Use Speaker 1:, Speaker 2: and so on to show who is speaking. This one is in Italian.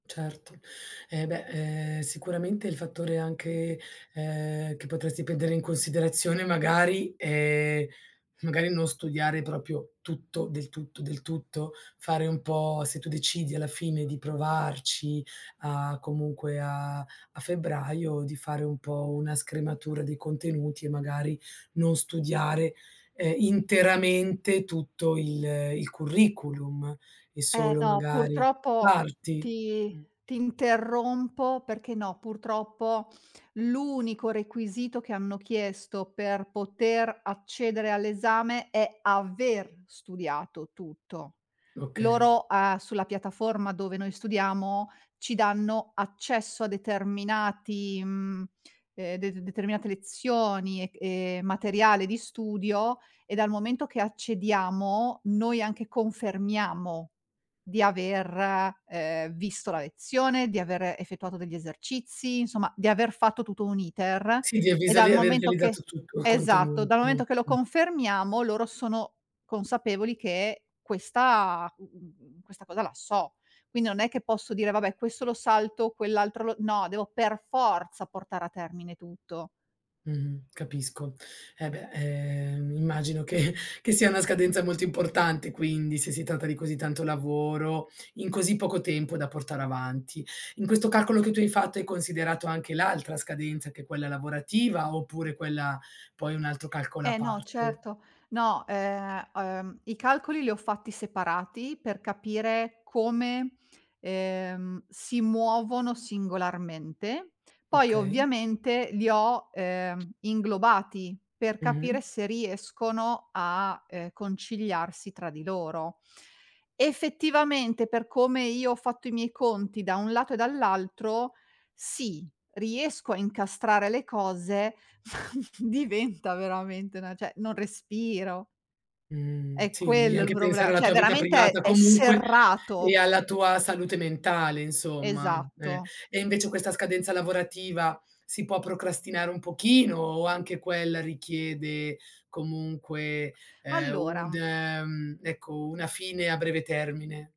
Speaker 1: Certo, eh beh, ehm, sicuramente il fattore anche, ehm, che potresti prendere in considerazione magari, ehm, magari non studiare proprio tutto del tutto, del tutto, fare un po' se tu decidi alla fine di provarci a comunque a a febbraio, di fare un po' una scrematura dei contenuti, e magari non studiare, ehm, interamente tutto il il curriculum e
Speaker 2: Eh
Speaker 1: solo
Speaker 2: no,
Speaker 1: magari
Speaker 2: purtroppo
Speaker 1: parti.
Speaker 2: ti
Speaker 1: Mh.
Speaker 2: ti interrompo perché no, purtroppo l'unico requisito che hanno chiesto per poter accedere all'esame è aver studiato tutto.
Speaker 1: Okay.
Speaker 2: Loro, a sulla piattaforma dove noi studiamo, ci danno accesso a determinati mhmm, ehm, det determinate lezioni e c e materiale di studio, e dal momento che accediamo, noi anche confermiamo di aver, ehm, visto la lezione, di aver effettuato degli esercizi, insomma di aver fatto tutto un'iter,
Speaker 1: Sì, ti
Speaker 2: e
Speaker 1: avvisa
Speaker 2: dal
Speaker 1: di aver
Speaker 2: momento che
Speaker 1: realizzato tutto il
Speaker 2: esatto,
Speaker 1: contenuto.
Speaker 2: dal momento che lo confermiamo, loro sono consapevoli che questa, mhmm, questa cosa la so. Quindi non è che posso dire: "Vabbè, questo lo salto, quell'altro lo" no, devo per forza portare a termine tutto.
Speaker 1: Mh-mh, capisco. Eh beh, ehm, immagino che che sia una scadenza molto importante quindi, se si tratta di così tanto lavoro in così poco tempo da portare avanti. In questo calcolo che tu hai fatto, hai considerato anche l'altra scadenza, che è quella lavorativa, oppure quella poi è un altro calcolo a
Speaker 2: Eh, no
Speaker 1: parte?
Speaker 2: certo no, ehm, ehm, i calcoli li ho fatti separati, per capire come, ehm, si muovono singolarmente. Poi
Speaker 1: Okay.
Speaker 2: ovviamente, li ho, ehm, inglobati per capire
Speaker 1: Mh-mh.
Speaker 2: se riescono a, ehm, conciliarsi tra di loro. Effettivamente, per come io ho fatto i miei conti da un lato e dall'altro, sì, riesco a incastrare le cose, diventa veramente una cioè non respiro.
Speaker 1: Mh,
Speaker 2: È
Speaker 1: sì, devi
Speaker 2: quello il
Speaker 1: anche pensare
Speaker 2: problema,
Speaker 1: alla
Speaker 2: cioè
Speaker 1: tua vita
Speaker 2: veramente è
Speaker 1: privata,
Speaker 2: è
Speaker 1: comunque, e
Speaker 2: serrato.
Speaker 1: alla tua salute mentale insomma. Eh,
Speaker 2: Esatto.
Speaker 1: e invece questa scadenza lavorativa si può procrastinare un pochino o anche quella richiede comunque, ehm, un
Speaker 2: Allora
Speaker 1: ehm, ecco, una fine a breve termine?